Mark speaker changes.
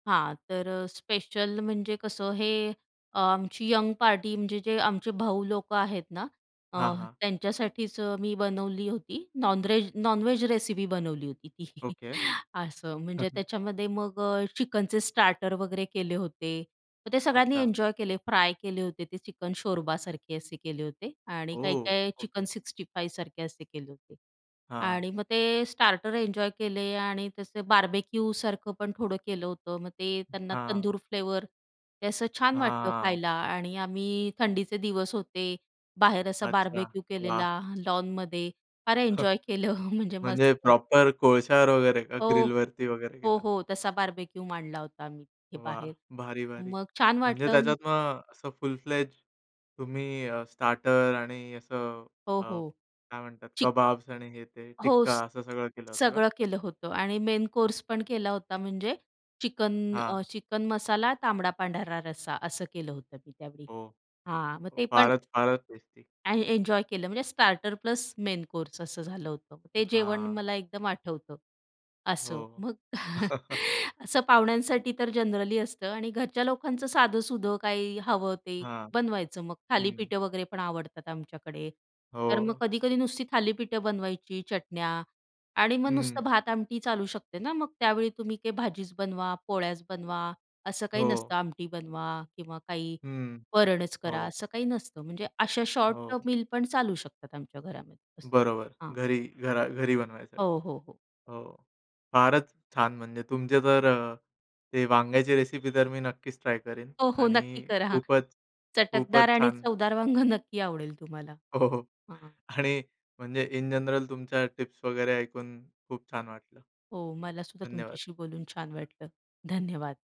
Speaker 1: हां, तर अ, स्पेशल म्हणजे कसं? हे अ, आमची अ, यंग पार्टी म्हणजे जे आमचे भाऊ लोक आहेत ना, अ,
Speaker 2: हां, हां.
Speaker 1: त्यांच्यासाठीच मी बनवली होती नॉनरेज नॉनव्हेज रेसिपी बनवली होती ती.
Speaker 2: ओके.
Speaker 1: असं म्हणजे त्याच्यामध्ये मग अ, चिकनचे स्टार्टर वगैरे केले होते, मग ते सगळ्यांनी
Speaker 2: अच्छा.
Speaker 1: एन्जॉय केले. फ्राय केले होते ते चिकन शोरबासारखे असे केले होते आणि
Speaker 2: ओह,
Speaker 1: काही-काही
Speaker 2: ओके.
Speaker 1: चिकन सिक्स्टी फाईव्ह असे केले होते
Speaker 2: हां.
Speaker 1: आणि मग ते स्टार्टर एन्जॉय केले आणि तसे बार्बेक्यूसारखं पण थोडं केलं होतं. मग ते अ, त्यांना
Speaker 2: हां.
Speaker 1: तंदूर फ्लेवर ते असं छान वाटलं
Speaker 2: हां.
Speaker 1: खायला आणि आम्ही थंडीचे दिवस होते, बाहेर असा
Speaker 2: अच्छा,
Speaker 1: बार्बेक्यू
Speaker 2: वाह!
Speaker 1: केलेला लॉनमध्ये फार एन्जॉय केलं म्हणजे
Speaker 2: म्हणजे
Speaker 1: मस्त.
Speaker 2: प्रॉपर कोळश्यावर वगैरे का, ग्रिल
Speaker 1: हो.
Speaker 2: वरती वगैरे
Speaker 1: हो,
Speaker 2: केलं?
Speaker 1: हो, तसा बार्बेक्यूू मांडला होता मी तिथे
Speaker 2: वाह!
Speaker 1: बाहेर.
Speaker 2: भारी-भारी.
Speaker 1: मग छान
Speaker 2: म्हणजे
Speaker 1: वाटलं
Speaker 2: त्याच्यात मग असं फुल फ्लेज तुम्ही अ, स्टार्टर आणि असं
Speaker 1: हो,
Speaker 2: अ,
Speaker 1: हो,
Speaker 2: काय म्हणतात
Speaker 1: चिक
Speaker 2: कबाब्स आणि हे ते
Speaker 1: हो,
Speaker 2: टिक्का
Speaker 1: स
Speaker 2: असं सगळं केलं होतं का?
Speaker 1: सगळं केलं होतं आणि मेन कोर्स पण केला होता म्हणजे चिकन
Speaker 2: हां.
Speaker 1: अ, चिकन मसाला, तांबडा पांढरा रस्सा असं केलं होतं मी त्यावेळी
Speaker 2: हो,
Speaker 1: हां, मग ते पण
Speaker 2: फारच, फारच टेस्टी.
Speaker 1: आणि एन्जॉय केलं म्हणजे स्टार्टर प्लस मेन कोर्स असं झालं होतं. ते जेवण
Speaker 2: हां.
Speaker 1: मला एकदम आठवतं.
Speaker 2: हो.
Speaker 1: असं. मग असं पाहुण्यांसाठी तर जनरली असतं आणि घरच्या लोकांचं साधंसुधं काही हवं ते
Speaker 2: हां,
Speaker 1: बनवायचं. मग
Speaker 2: हं.
Speaker 1: थालीपीठं वगैरे पण आवडतात आमच्याकडे, तर मग
Speaker 2: हो.
Speaker 1: कधी-कधी नुसती थालीपीठं बनवायची, चटण्या आणि मग
Speaker 2: हं.
Speaker 1: नुसतं भात-आमटी चालू शकते ना. मग त्यावेळी तुम्ही काही भाजीच बनवा, पोळ्याच बनवा असं काही
Speaker 2: हो.
Speaker 1: नसतं, आमटी बनवा किंवा काही
Speaker 2: हं,
Speaker 1: वरणच करा
Speaker 2: हो.
Speaker 1: असं काही नसतं. म्हणजे अशा शॉर्ट
Speaker 2: हो.
Speaker 1: मील पण चालू शकतात आमच्या घरामध्ये असं,
Speaker 2: बरोबर.
Speaker 1: हां.
Speaker 2: घरी, घरा घरी बनवायसाठी.
Speaker 1: हो, हो, हो.
Speaker 2: हो, फारच छान म्हणजे तुमचे तर अ, ते वांग्याची रेसिपी तर मी नक्कीच ट्राय करीन
Speaker 1: हो, हो, नक्की
Speaker 2: आणि
Speaker 1: करा,
Speaker 2: खूपच
Speaker 1: चटकदार
Speaker 2: खूपच
Speaker 1: आणि
Speaker 2: छान!
Speaker 1: चवदार वांग नक्की आवडेल तुम्हाला.
Speaker 2: हो, हो
Speaker 1: हां.
Speaker 2: आणि म्हणजे इन जनरल तुमच्या टिप्स वगैरे ऐकून खूप छान वाटलं.
Speaker 1: हो, मला सुद्धा
Speaker 2: धन्यवाद.
Speaker 1: तुमच्याशी बोलून छान वाटलं. धन्यवाद.